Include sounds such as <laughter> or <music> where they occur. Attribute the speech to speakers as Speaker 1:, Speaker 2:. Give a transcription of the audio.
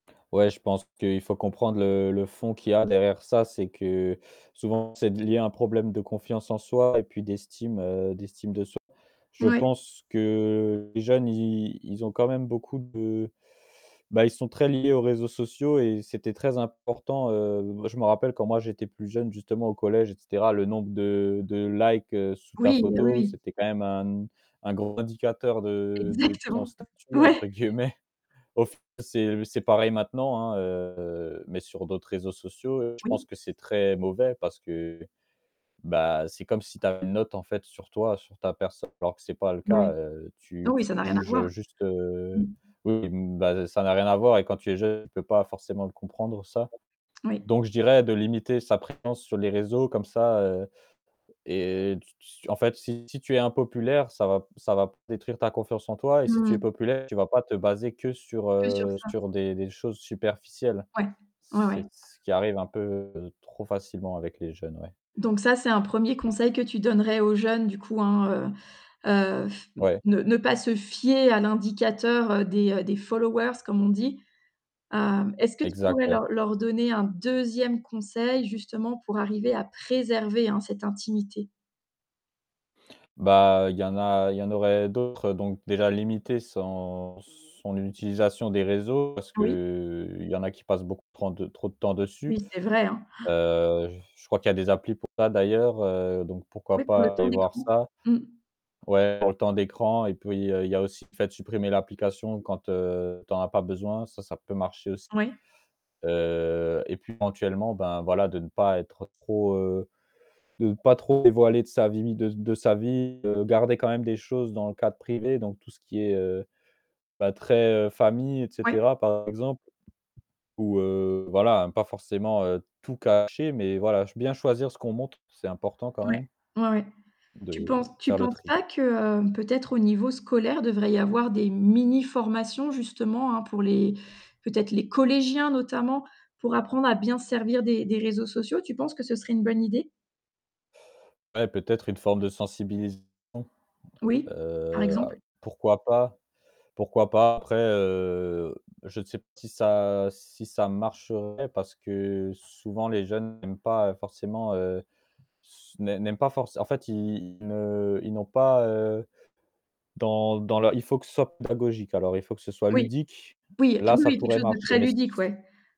Speaker 1: Ouais, je pense qu'il faut comprendre le le fond qu'il y a derrière ça, c'est que souvent, c'est lié à un problème de confiance en soi et puis d'estime, heu, d'estime de soi. Je
Speaker 2: Moui.
Speaker 1: pense que les jeunes, ils ils ont quand même beaucoup de bah ils sont très liés aux réseaux sociaux et c'était très important, heu je me rappelle quand moi j'étais plus jeune justement au collège et cetera, le nombre de de likes, heu, sous ta
Speaker 2: Oui, oui,
Speaker 1: photo,
Speaker 2: oui.
Speaker 1: c'était quand même un un gros indicateur de de ton
Speaker 2: Exactement.
Speaker 1: «statut»
Speaker 2: Ouais.
Speaker 1: entre guillemets. Of c'est c'est pareil maintenant, hein, heu, mais sur d'autres réseaux sociaux, heu, je pense
Speaker 2: Oui.
Speaker 1: que c'est très mauvais parce que, bah, c'est comme si tu avais une note en fait sur toi, sur ta personne alors que c'est pas le
Speaker 2: Ouais.
Speaker 1: cas, heu,
Speaker 2: Non
Speaker 1: tu
Speaker 2: oui,
Speaker 1: tu
Speaker 2: ça n'a rien à
Speaker 1: juges,
Speaker 2: voir.
Speaker 1: heu, juste, heu,
Speaker 2: Mmh.
Speaker 1: oui, bah, ça n'a rien à voir et quand tu es jeune, tu peux pas forcément le comprendre, ça.
Speaker 2: Oui.
Speaker 1: Donc je dirais de limiter sa présence sur les réseaux comme ça, heu, et tu tu en fait si si tu es impopulaire, ça va ça va pas détruire ta confiance en toi et si
Speaker 2: Mmh
Speaker 1: tu es
Speaker 2: mh.
Speaker 1: populaire, tu vas pas te baser que sur
Speaker 2: Que sur
Speaker 1: heu,
Speaker 2: ça.
Speaker 1: sur des des choses superficielles.
Speaker 2: Ouais. Ouais ouais.
Speaker 1: C'est ce qui arrive un peu trop facilement avec les jeunes, ouais.
Speaker 2: Donc ça c'est un 1er conseil que tu donnerais aux jeunes, du coup, hein, heu, heu, pff
Speaker 1: Ouais.
Speaker 2: ne ne pas se fier à l'indicateur, heu, des, heu, des followers comme on dit. Heu, est-ce que tu
Speaker 1: Exact,
Speaker 2: pourrais
Speaker 1: ouais.
Speaker 2: leur leur donner un 2e conseil justement pour arriver à préserver, hein, cette intimité?
Speaker 1: Bah, il y en a il y en aurait d'autres, heu, donc déjà limiter son son utilisation des réseaux parce que,
Speaker 2: Oui?
Speaker 1: heu, il y en a qui passent beaucoup trop de trop de temps dessus.
Speaker 2: Oui, c'est vrai, hein. <gasps>
Speaker 1: Heu, je crois qu'il y a des applis pour ça d'ailleurs, heu, donc pourquoi
Speaker 2: Oui, pour le
Speaker 1: pas
Speaker 2: temps
Speaker 1: aller voir
Speaker 2: d'écran.
Speaker 1: ça.
Speaker 2: Mmh.
Speaker 1: Ouais, pour le temps d'écran et puis il y a il y a aussi le fait de supprimer l'application quand, heu, t'en as pas besoin, ça, ça peut marcher aussi.
Speaker 2: Ouais.
Speaker 1: Euh, et puis éventuellement ben, voilà de ne pas être trop, heu, de ne pas trop dévoiler de sa vie de de sa vie, heu, de garder quand même des choses dans le cadre privé, donc tout ce qui est, heu, bah très, heu, famille et
Speaker 2: Ouais.
Speaker 1: cetera, par exemple. Ou, heu, voilà, pas forcément, heu, tout cacher mais voilà, je bien choisir ce qu'on montre, c'est important quand
Speaker 2: Ouais,
Speaker 1: même
Speaker 2: ouais, ouais. Tu
Speaker 1: de
Speaker 2: penses tu
Speaker 1: faire le
Speaker 2: penses
Speaker 1: tri.
Speaker 2: pas que heu, peut-être au niveau scolaire, il devrait y avoir des mini formations justement, hein, pour les peut-être les collégiens notamment pour apprendre à bien se servir des des réseaux sociaux? Tu penses que ce serait une bonne idée?
Speaker 1: Ouais peut-être une forme de sensibilisation.
Speaker 2: Oui, par
Speaker 1: Heu,
Speaker 2: exemple.
Speaker 1: pourquoi pas pourquoi pas. Après, heu, je sais pas si ça si ça marcherait parce que souvent les jeunes n'aiment pas, heu, forcément heu, n'aiment n'aiment pas for en fait ils ne ils n'ont pas, heu, dans dans leur il faut que ce soit pédagogique, alors, il faut que ce soit
Speaker 2: Oui.
Speaker 1: ludique,
Speaker 2: Oui, qu
Speaker 1: là
Speaker 2: oui,
Speaker 1: ça
Speaker 2: oui, quelque
Speaker 1: pourrait
Speaker 2: chose de
Speaker 1: marcher
Speaker 2: très
Speaker 1: mais
Speaker 2: ludique, ouais.